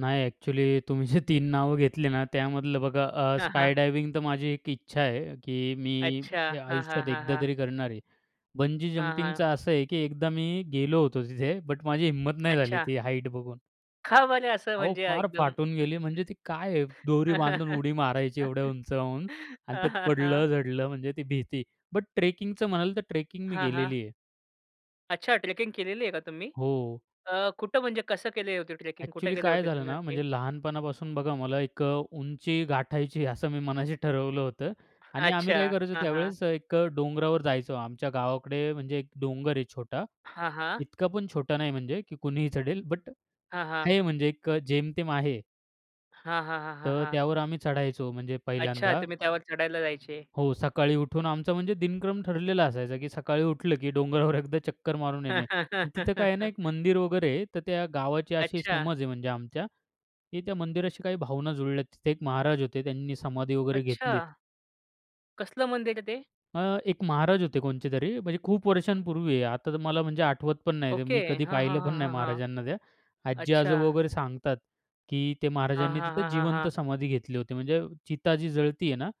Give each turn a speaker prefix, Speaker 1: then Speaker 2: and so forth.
Speaker 1: नाही ॲक्चुअली तुम्ही जे तीन नावं घेतली ना, त्यामधलं बघा अ,
Speaker 2: हां, हां.
Speaker 1: स्काय डायव्हिंग तर माझी एक इच्छा आहे. की
Speaker 2: अच्छा.
Speaker 1: मी
Speaker 2: हां, हां.
Speaker 1: आयुष्यात
Speaker 2: हां,
Speaker 1: एकदा
Speaker 2: हां.
Speaker 1: तरी करणार आहे. बंजी
Speaker 2: हां,
Speaker 1: जंपिंगचं
Speaker 2: हां.
Speaker 1: असं आहे की एकदा मी गेलो होतो तिथे. बट माझी हिंमत नाही झाली
Speaker 2: अच्छा.
Speaker 1: ती हाईट बघून.
Speaker 2: का बरं असं
Speaker 1: अहो,
Speaker 2: म्हणजे
Speaker 1: फार
Speaker 2: एकदम?
Speaker 1: फाटून गेली. म्हणजे ती काय आहे दोरी बांधून उडी मारायची एवढ्या उंचावून आणि
Speaker 2: हां,
Speaker 1: त्यात
Speaker 2: हां. हां.
Speaker 1: पडलं, झडलं म्हणजे ती भीती. बट ट्रेकिंगचं म्हणाल तर ट्रेकिंग मी
Speaker 2: हां, हां.
Speaker 1: केलेली आहे.
Speaker 2: अच्छा ट्रेकिंग केलेली आहे का तुम्ही?
Speaker 1: हो.
Speaker 2: अ, कुठं म्हणजे कसं केले होते ट्रेकिंग कुठे
Speaker 1: ॲक्चुअली
Speaker 2: गेले
Speaker 1: काय
Speaker 2: होते
Speaker 1: झालं
Speaker 2: तुम्ही
Speaker 1: ना,
Speaker 2: नक्की?
Speaker 1: म्हणजे लहानपणापासून बघा मला एक अ, उंची गाठायची आहे असं मी मनाशी ठरवलं होतं. आणि आम्ही
Speaker 2: अच्छा.
Speaker 1: काय करायचो
Speaker 2: हां, हां.
Speaker 1: त्यावेळेस एक अ, डोंगरावर जायचो. आमच्या गावाकडे म्हणजे एक डोंगर आहे छोटा.
Speaker 2: हां, हां.
Speaker 1: इतका पण छोटा नाही म्हणजे की कुणीही चढेल. बट
Speaker 2: हां, हां.
Speaker 1: आहे म्हणजे एक जेमतेम आहे.
Speaker 2: हां, हां. हां, हां.
Speaker 1: तर
Speaker 2: हां.
Speaker 1: त्यावर आम्ही चढायचो म्हणजे
Speaker 2: अच्छा
Speaker 1: पहिल्यांदा.
Speaker 2: तुम्ही त्यावर चढायला जायचे?
Speaker 1: हो. सकाळी उठून आमचा म्हणजे दिनक्रम ठरलेला असायचा की सकाळी उठलं की डोंगरावर एकदा चक्कर मारून येणे. आणि तिथं काय आहे ना, एक मंदिर वगैरे आहे. तर त्या गावाची अशी
Speaker 2: अच्छा.
Speaker 1: समज आहे म्हणजे आमच्या की त्या मंदिराशी काही भावना जुळल्यात. तिथे एक महाराज होते. त्यांनी समाधी वगैरे घेतलीत.
Speaker 2: अच्छा. कसलं मंदिर आहे ते?
Speaker 1: अ, एक महाराज होते कोणचे तरी म्हणजे खूप वर्षांपूर्वी. आता तर मला म्हणजे आठवत पण नाही ते.
Speaker 2: ओके.
Speaker 1: मी कधी
Speaker 2: हां, हां,
Speaker 1: पाहिलं पण नाही
Speaker 2: हां, हां.
Speaker 1: महाराजांना त्या. आजी-आजोबा
Speaker 2: अच्छा.
Speaker 1: वगैरे सांगतात की त्या
Speaker 2: हां,
Speaker 1: महाराजांनी
Speaker 2: हां,
Speaker 1: तिथेच
Speaker 2: हां, हां,
Speaker 1: जीवंत
Speaker 2: हां.
Speaker 1: समाधी घेतली होती. म्हणजे चिता जी जळती आहे ना